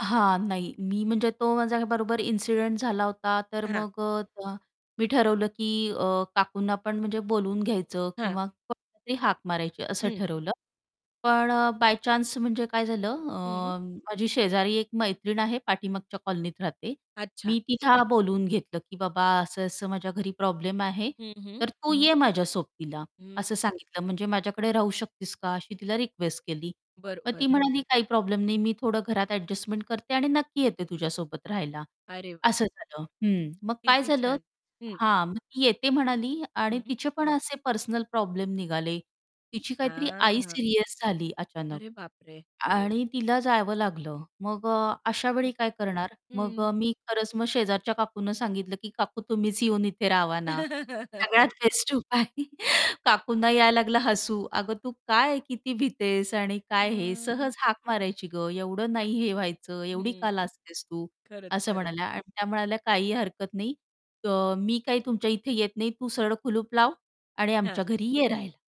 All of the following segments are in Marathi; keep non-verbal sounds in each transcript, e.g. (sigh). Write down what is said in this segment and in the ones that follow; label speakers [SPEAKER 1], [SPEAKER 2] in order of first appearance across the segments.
[SPEAKER 1] हां. नाही मी म्हणजे तो माझ्याबरोबर इन्सिडेंट झाला होता, तर
[SPEAKER 2] हां.
[SPEAKER 1] मग अ, त्या मी ठरवलं, की काकूंना अ, पण म्हणजे बोलून घ्यायचं
[SPEAKER 2] हां.
[SPEAKER 1] किंवा कोणाला तरी हाक मारायची असं
[SPEAKER 2] हं.
[SPEAKER 1] ठरवलं. पण अ, बाय चान्स म्हणजे काय झालं
[SPEAKER 2] हं.
[SPEAKER 1] अ, माझी शेजारी एक मैत्रीण आहे, पाठीमागच्या कॉलनीत राहते.
[SPEAKER 2] अच्छा.
[SPEAKER 1] मी तिला बोलवून घेतलं, की "बाबा असं-असं माझ्या घरी प्रॉब्लेम आहे.
[SPEAKER 2] हं, हं.
[SPEAKER 1] तर तू ये माझ्या सोबतीला"
[SPEAKER 2] हं.
[SPEAKER 1] असं सांगितलं. "म्हणजे माझ्याकडे राहू शकतेस का?" अशी तिला रिक्वेस्ट केली. मग ती
[SPEAKER 2] बरोबर.
[SPEAKER 1] म्हणाली, "काही प्रॉब्लेम नाही मी थोडं घरात एडजस्टमेंट करते आणि नक्की येते तुझ्यासोबत राहायला."
[SPEAKER 2] अरे व
[SPEAKER 1] असं झालं. हं. मग काय
[SPEAKER 2] किती
[SPEAKER 1] झालं?
[SPEAKER 2] छान. हं.
[SPEAKER 1] हां. मग ती "येते" म्हणाली आणि
[SPEAKER 2] हं.
[SPEAKER 1] तिचे पण असे पर्सनल प्रॉब्लेम निघाले. तिची काहीतरी आई
[SPEAKER 2] हां.
[SPEAKER 1] सीरियस झाली अचानक
[SPEAKER 2] अरे बाप रे!
[SPEAKER 1] आ आणि तिला जावं लागलं. मग अ, अशावेळी
[SPEAKER 2] हो.
[SPEAKER 1] काय करणार? मग
[SPEAKER 2] हं.
[SPEAKER 1] अ, मी खरंच मग शेजारच्या काकूंना सांगितलं, की "काकू तुम्हीच येऊन इथे राहावा ना" सगळ्यात
[SPEAKER 2] (laughs)
[SPEAKER 1] बेस्ट उपाय (chuckles) काकूंना यायला लागला हसू. "अगं तू काय किती भितेस आणि काय हे
[SPEAKER 2] हां.
[SPEAKER 1] सहज हाक मारायची गं एवढं नाही हे व्हायचं, एवढी
[SPEAKER 2] हं.
[SPEAKER 1] का लाजतेस तू?"
[SPEAKER 2] खरंच,
[SPEAKER 1] असं
[SPEAKER 2] खरंच.
[SPEAKER 1] म्हणाल्या आणि त्या म्हणाल्या, "काही हरकत नाही, तर मी काय तुमच्या इथे येत नाही तू सरळ कुलूप लाव आणि
[SPEAKER 2] हां.
[SPEAKER 1] आमच्या घरी ये राहिला"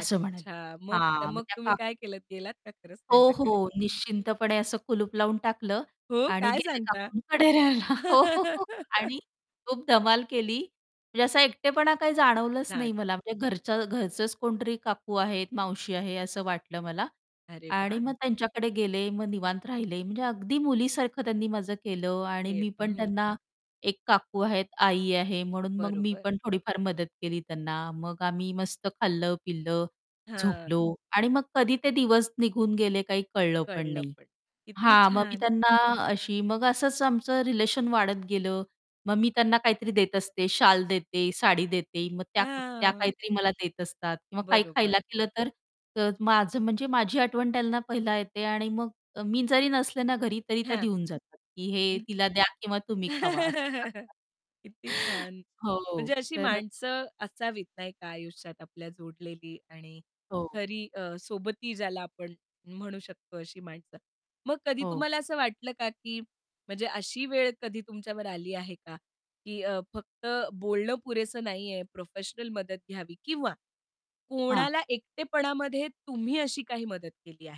[SPEAKER 1] असं म्हणाले.
[SPEAKER 2] मग तर
[SPEAKER 1] हां. मग
[SPEAKER 2] मग
[SPEAKER 1] त्या
[SPEAKER 2] तुम्ही
[SPEAKER 1] काक
[SPEAKER 2] काय केलत गेलात का खरंच
[SPEAKER 1] हो,
[SPEAKER 2] त्यांच्याकडे?
[SPEAKER 1] हो. निश्चिंतपणे असं कुलूप लावून टाकलं
[SPEAKER 2] हो.
[SPEAKER 1] आणि
[SPEAKER 2] काय
[SPEAKER 1] गेले
[SPEAKER 2] सांगता?
[SPEAKER 1] काकूंकडे राहायला. हो, हो, हो.
[SPEAKER 2] (laughs)
[SPEAKER 1] आणि खूप धमाल केली. म्हणजे असा एकटेपणा काही जाणवलंच नाही
[SPEAKER 2] छान.
[SPEAKER 1] मला. म्हणजे घरच्या घरचंच कोणीतरी काकू आहेत, मावशी आहे असं वाटलं मला.
[SPEAKER 2] अरे
[SPEAKER 1] आणि
[SPEAKER 2] वाह!
[SPEAKER 1] मग त्यांच्याकडे गेले, मग निवांत राहिले. म्हणजे अगदी मुलीसारखं त्यांनी माझं केलं आणि मी
[SPEAKER 2] केलं.
[SPEAKER 1] पण
[SPEAKER 2] हं.
[SPEAKER 1] त्यांना एक काकू आहेत, आई आहे म्हणून मग मी
[SPEAKER 2] बरोबर.
[SPEAKER 1] पण थोडीफार मदत केली त्यांना. मग आम्ही मस्त खाल्लं-पिल्लं,
[SPEAKER 2] हां.
[SPEAKER 1] झोपलो. आणि मग कधी ते दिवस निघून गेले काही कळलं पण
[SPEAKER 2] कळलं
[SPEAKER 1] नाही.
[SPEAKER 2] पण. किती
[SPEAKER 1] हां. मग मी
[SPEAKER 2] छान!
[SPEAKER 1] त्यांना अशी मग असंच आमचं रिलेशन वाढत गेलं. मग मी त्यांना काहीतरी देत असते शाल देते, साडी देते. मग त्या त्या
[SPEAKER 2] हां.
[SPEAKER 1] काहीतरी मला देत असतात किंवा काही
[SPEAKER 2] बरोबर.
[SPEAKER 1] खायला केलं तर अ, माझं म्हणजे माझी आठवण त्यांना पहिला येते. आणि मग अ, मी जरी नसले ना, घरी तरी त्या
[SPEAKER 2] हां.
[SPEAKER 1] देऊन जातात, की हे
[SPEAKER 2] (unintelligible)
[SPEAKER 1] तिला द्या किंवा तुम्ही खावा असं
[SPEAKER 2] (laughs)
[SPEAKER 1] सांगतात.
[SPEAKER 2] किती छान.
[SPEAKER 1] हो.
[SPEAKER 2] म्हणजे अशी
[SPEAKER 1] तर
[SPEAKER 2] माणसं असावीत, नाही का. आयुष्यात आपल्या जोडलेली आणि
[SPEAKER 1] हो.
[SPEAKER 2] खरी अ, सोबती ज्याला आपण म्हणू शकतो, अशी माणसं. मग कधी
[SPEAKER 1] हो.
[SPEAKER 2] तुम्हाला असं वाटलं का, की म्हणजे अशी वेळ कधी तुमच्यावर आली आहे का? की अ, फक्त बोलणं पुरेसं नाही आहे प्रोफेशनल मदत घ्यावी किंवा
[SPEAKER 1] हां.
[SPEAKER 2] कोणाला एकटेपणामध्ये तुम्ही अशी काही मदत केली आहे?